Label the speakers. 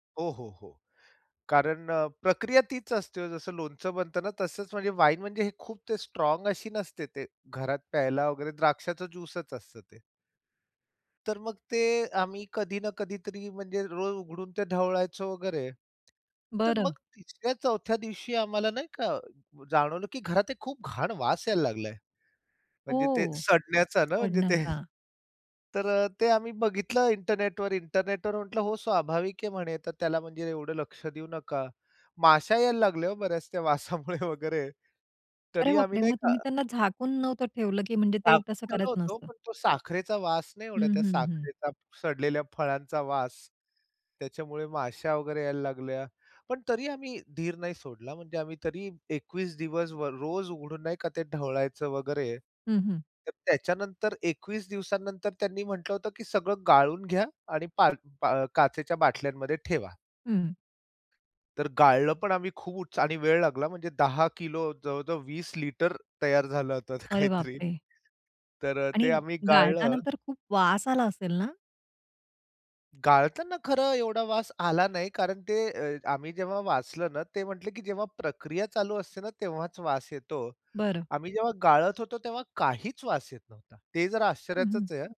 Speaker 1: हो, हो, हो, कारण अ, प्रक्रिया तीच असते. जसं लोणचं बनत ना? तसच म्हणजे वाईन म्हणजे खूप ते स्ट्राँग अशी नसते. ते घरात प्यायला वगैरे द्राक्षाच ज्यूसच असतं ते. तर मग ते, आम्ही कधी ना कधीतरी म्हणजे रोज उघडून ते ढवळायचं वगैरे, तर मग
Speaker 2: बरं.
Speaker 1: 3-4 दिवशी आम्हाला नाही का? जाणवलं की घरात एक खूप घाण वास यायला लागलाय. म्हणजे ते,
Speaker 2: हो,
Speaker 1: सडण्याचा ना म्हणजे ते
Speaker 2: सडण्याचा.
Speaker 1: तर अ, ते आम्ही बघितलं इंटरनेटवर. इंटरनेटवर म्हटलं, "हो स्वाभाविक आहे म्हणे तर त्याला म्हणजे एवढं लक्ष देऊ नका." माश्या यायला लागल्या हो बऱ्याच, त्या वासामुळे वगैरे
Speaker 2: अरे
Speaker 1: तरी आम्ही
Speaker 2: बापरे!
Speaker 1: नाही
Speaker 2: मग
Speaker 1: का
Speaker 2: तुम्ही त्यांना झाकून नव्हतं ठेवलं? की म्हणजे ते
Speaker 1: झाकून
Speaker 2: तसं
Speaker 1: ठेवलं
Speaker 2: करत
Speaker 1: होतो.
Speaker 2: नसतं?
Speaker 1: पण तो साखरेचा वास नाही
Speaker 2: हं,
Speaker 1: एवढा त्या
Speaker 2: हं, हं.
Speaker 1: साखरेचा सडलेल्या फळांचा वास. त्याच्यामुळे माश्या वगैरे यायला लागल्या. पण तरी आम्ही धीर नाही सोडला. म्हणजे आम्ही तरी 21 दिवस वर रोज उघडून नाही का, ते ढवळायचं वगैरे.
Speaker 2: हं, हं.
Speaker 1: तर त्याच्यानंतर 21 दिवसानंतर त्यांनी म्हटलं होतं, "की सगळं गाळून घ्या आणि पार पा काचेच्या बाटल्यांमध्ये ठेवा."
Speaker 2: हं.
Speaker 1: तर गाळलं पण आम्ही खूप आणि वेळ लागला म्हणजे 10 किलो, जवळ-जवळ 20 लिटर तयार झालं होतं
Speaker 2: अरे बाप
Speaker 1: काहीतरी.
Speaker 2: रे!
Speaker 1: तर अ,
Speaker 2: आणि
Speaker 1: ते आम्ही
Speaker 2: गाळताना
Speaker 1: गाळलं.
Speaker 2: तर खूप वास आला असेल ना?
Speaker 1: गाळताना खरं एवढा वास आला नाही कारण ते अ, आम्ही जेव्हा वाचलं ना, ते म्हटले, "की जेव्हा प्रक्रिया चालू असते ना? तेव्हाच वास येतो."
Speaker 2: बरं.
Speaker 1: आम्ही जेव्हा गाळत होतो तेव्हा काहीच वास येत नव्हता. ते जरा
Speaker 2: हं, हं.
Speaker 1: आश्चर्याचच आहे.